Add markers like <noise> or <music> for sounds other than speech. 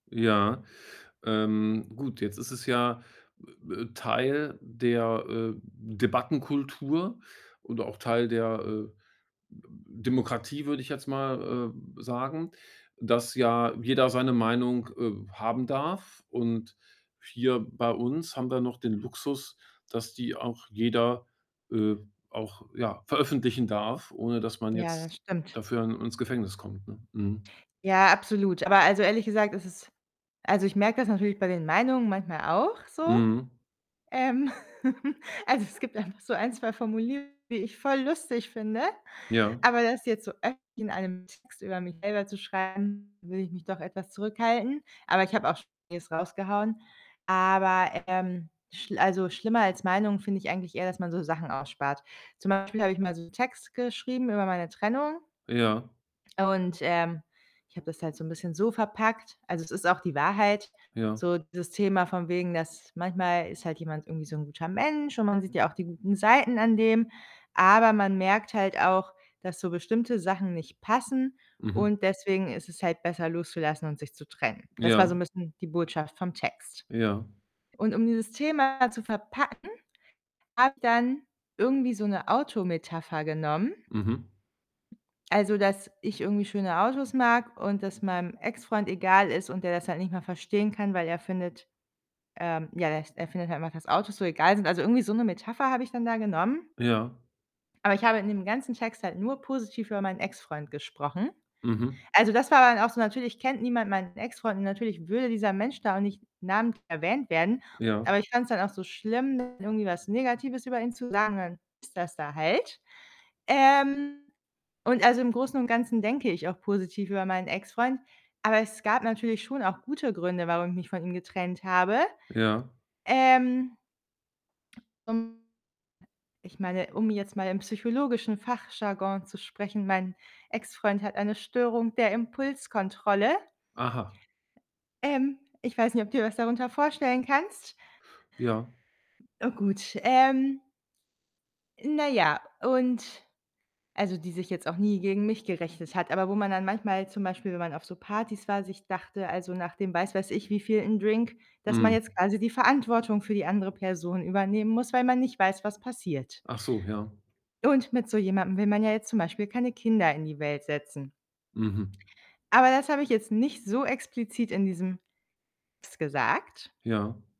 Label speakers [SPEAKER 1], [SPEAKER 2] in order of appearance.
[SPEAKER 1] Ja. Ähm, gut, jetzt ist es ja Teil der, äh, Debattenkultur und auch Teil der, äh, D Demokratie, würde ich jetzt mal, äh, sagen, dass ja jeder seine Meinung, äh, haben darf und hier bei uns haben wir ja noch den Luxus, dass die auch jeder äh, auch, ja, veröffentlichen darf, ohne dass man
[SPEAKER 2] Ja, das
[SPEAKER 1] jetzt
[SPEAKER 2] stimmt.
[SPEAKER 1] dafür ins Gefängnis kommt, ne? Mhm.
[SPEAKER 2] Ja, absolut. Aber, also ehrlich gesagt ist es also, ich merke das natürlich bei den Meinungen manchmal auch so.
[SPEAKER 1] Mhm.
[SPEAKER 2] Ähm, <giggles> also es gibt einfach so 1, 2 Formulierungen, die ich voll lustig finde,
[SPEAKER 1] Ja.
[SPEAKER 2] aber das jetzt so öffentlich in einem Text über mich selber zu schreiben, würde ich mich doch etwas zurückhalten. Aber ich habe auch schon vieles rausgehauen. Aber, ähm, schl also schlimmer als Meinungen finde ich eigentlich eher, dass man so Sachen ausspart. Zum Beispiel habe ich mal so 'n Text geschrieben über meine Trennung
[SPEAKER 1] Ja.
[SPEAKER 2] und, ähm, ich habe das halt so' n bisschen so verpackt. Also, es ist auch die Wahrheit,
[SPEAKER 1] Ja.
[SPEAKER 2] so das Thema von wegen, dass manchmal ist halt jemand irgendwie so 'n guter Mensch, und man sieht ja auch die guten Seiten an dem, aber man merkt halt auch, dass so bestimmte Sachen nicht passen,
[SPEAKER 1] Mhm.
[SPEAKER 2] und deswegen ist es halt besser loszulassen und sich zu trennen. Das war
[SPEAKER 1] Ja.
[SPEAKER 2] so 'n bisschen die Botschaft vom Text
[SPEAKER 1] Ja.
[SPEAKER 2] und um dieses Thema zu verpacken, habe ich dann irgendwie so 'ne Auto-Metapher genommen.
[SPEAKER 1] Mhm.
[SPEAKER 2] Also, dass ich irgendwie schöne Autos mag und das meinem Ex-Freund egal ist, und der das halt nicht mal verstehen kann, weil er findet ähm, ja, der s er findet halt einfach, dass Autos so egal sind. Also, irgendwie so 'ne Metapher habe ich dann da genommen.
[SPEAKER 1] Ja.
[SPEAKER 2] Aber ich habe in dem ganzen Text halt nur positiv über meinen Ex-Freund gesprochen.
[SPEAKER 1] Mhm.
[SPEAKER 2] Also, das war dann auch so natürlich kennt niemand meinen Ex-Freund, und natürlich würde dieser Mensch da auch nicht namentlich erwähnt werden,
[SPEAKER 1] Ja.
[SPEAKER 2] aber ich fand's dann auch so schlimm, irgendwie was Negatives über ihn zu sagen, und dann ist das da halt. Ähm, und also im Großen und Ganzen denke ich auch positiv über meinen Ex-Freund, aber es gab natürlich schon auch gute Gründe, warum ich mich von ihm getrennt habe.
[SPEAKER 1] Ja.
[SPEAKER 2] Ähm ähm, ich meine, um jetzt mal im psychologischen Fachjargon zu sprechen: Mein Ex-Freund hat eine Störung der Impulskontrolle.
[SPEAKER 1] Aha.
[SPEAKER 2] Ähm, ich weiß nicht, ob du dir was darunter vorstellen kannst.
[SPEAKER 1] Ja.
[SPEAKER 2] Na gut, ähm na ja, und also, die sich jetzt auch nie gegen mich gerichtet hat, aber wo man dann manchmal zum Beispiel, wenn man auf so Partys war, sich dachte also nach dem was weiß ich wievielten Drink, dass man
[SPEAKER 1] Mhm.
[SPEAKER 2] jetzt quasi die Verantwortung für die andere Person übernehmen muss, weil man nicht weiß, was passiert.
[SPEAKER 1] Ach so, ja.
[SPEAKER 2] Und mit so jemandem will man ja jetzt zum Beispiel keine Kinder in die Welt setzen.
[SPEAKER 1] Mhm.
[SPEAKER 2] Aber das habe ich jetzt nicht so explizit in diesem Text gesagt.
[SPEAKER 1] Ja.